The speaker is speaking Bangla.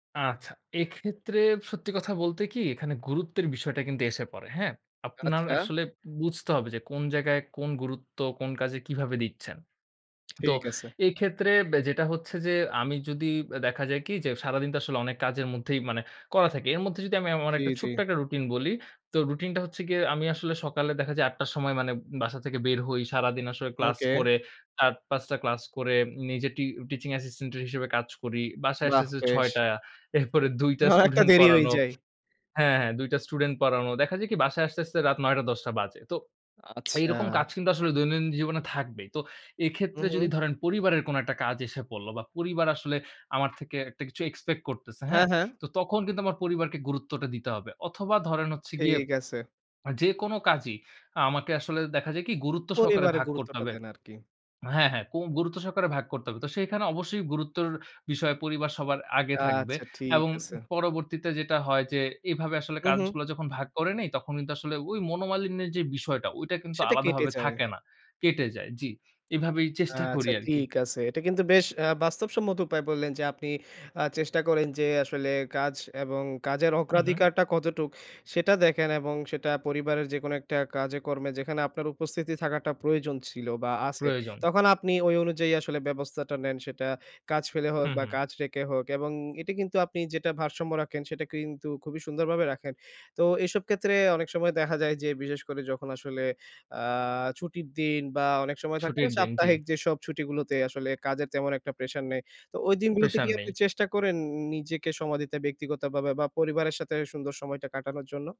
আচ্ছা, এক্ষেত্রে সত্যি কথা বলতে কি? এখানে গুরুত্বের বিষয়টা কিন্তু এসে পড়ে। হ্যাঁ? আপনার আচ্ছা। আসলে বুঝতে হবে যে, কোন জায়গায় কোন গুরুত্ব কোন কাজে কিভাবে দিচ্ছেন। তো ঠিক আছে। এক্ষেত্রে বে যেটা হচ্ছে যে, আমি যদি, দেখা যায় কি? যে, সারাদিন তো আসলে অনেক কাজের মধ্যেই মানে, করা থাকি। এর মধ্যে যদি আমি, আমার জি, একটা জি। ছোট্ট একটা রুটিন বলি। তো রুটিনটা হচ্ছে গিয়ে, আমি আসলে সকালে দেখা যায় ৮ টার সময় মানে বাসা থেকে বের হই। সারাদিন আসলে ক্লাস ওকে। করে ৪-৫ টা ক্লাস করে, নিজে টি টিচিং অ্যাসিস্ট্যান্ট এর হিসেবে কাজ করি। বাসায় আসতে, বাহ! আসতে বেশ। ৬ টা। এরপরে ২ হ টা একটা স্ডেটুন্ট দেরি হয়ে পড়ানো যায়। হ্যাঁ, হ্যাঁ, ২ টা স্টুডেন্ট পড়ানো। দেখা যায় কি? বাসায় আসতে, আসতে রাত ৯ টা, ১০ টা বাজে। তো আচ্ছা। এরকম কাজ কিন্তু আসলে দৈনন্দিন জীবনে থাকবেই। তো হু, এক্ষেত্রে যদি হু। ধরেন পরিবারের কোন একটা কাজ এসে পড়ল বা পরিবার আসলে আমার থেকে একটা কিছু এক্সপেক্ট করতেছে, হ্যাঁ, হ্যাঁ? হ্যাঁ। তো তখন কিন্তু আমার পরিবারকে গুরুত্বটা দিতে হবে। অথবা ধরেন হচ্ছে গিয়ে, ঠিক আছে। আ যেকোনো কাজই আমাকে আসলে দেখা যায় কি? গুরুত্ব সহকারে পরিবারে ভাগ করতে গুরুত্বটা হবে দেন, আরকি। হ্যাঁ, হ্যাঁ, কুম গুরুত্ব সহকারে ভাগ করতে হবে। তো সেখানে অবশ্যই গুরুত্বের বিষয়, পরিবার সবার আগে থাকবে। আচ্ছা, ঠিক এবং আছে। উ পরবর্তীতে যেটা হয় যে, এভাবে আসলে হু, হু। কাজগুলো যখন ভাগ করে নেই, তখন কিন্তু আসলে ওই মনোমালিন্যের যে বিষয়টা, ওইটা কিন্তু সেটা কেটে আলাদাভাবে যায়। থাকে না কেটে যায়। জি। এভাবেই চেষ্টা করি আচ্ছা, আরকি। ঠিক আছে। এটা কিন্তু বেশ অ্যা বাস্তবসম্মত উপায়ে বললেন যে, আপনি আ চেষ্টা করেন যে আসলে কাজ এবং কাজের হু, হু। অগ্রাধিকারটা কতটুক সেটা দেখেন এবং সেটা পরিবারের যেকোনো একটা কাজে কর্মে, যেখানে আপনার উপস্থিতি থাকাটা প্রয়োজন ছিল বা আছে, প্রয়োজন। তখন আপনি ওই অনুযায়ী আসলে ব্যবস্থাটা নেন, সেটা কাজ ফেলে হোক হুম, বা হুম। কাজ রেখে হোক। এবং এটা কিন্তু আপনি যেটা ভারসাম্য রাখেন, সেটা কিন্তু খুবই সুন্দরভাবে রাখেন। তো এসব ক্ষেত্রে অনেক সময় দেখা যায় যে, বিশেষ করে যখন আসলে আ ছুটির দিন বা অনেক সময় থাকে না ছুটির দিন, জি। সাপ্তাহিক যেসব ছুটিগুলোতে আসলে, কাজের তেমন একটা প্রেশার নেই। তো ঐ দিনগুলোতে কি প্রেশার আপনি নেই। চেষ্টা করেন নিজেকে সময় দিতে, ব্যক্তিগতভাবে বা পরিবারের সাথে সুন্দর সময়টা কাটানোর জন্য?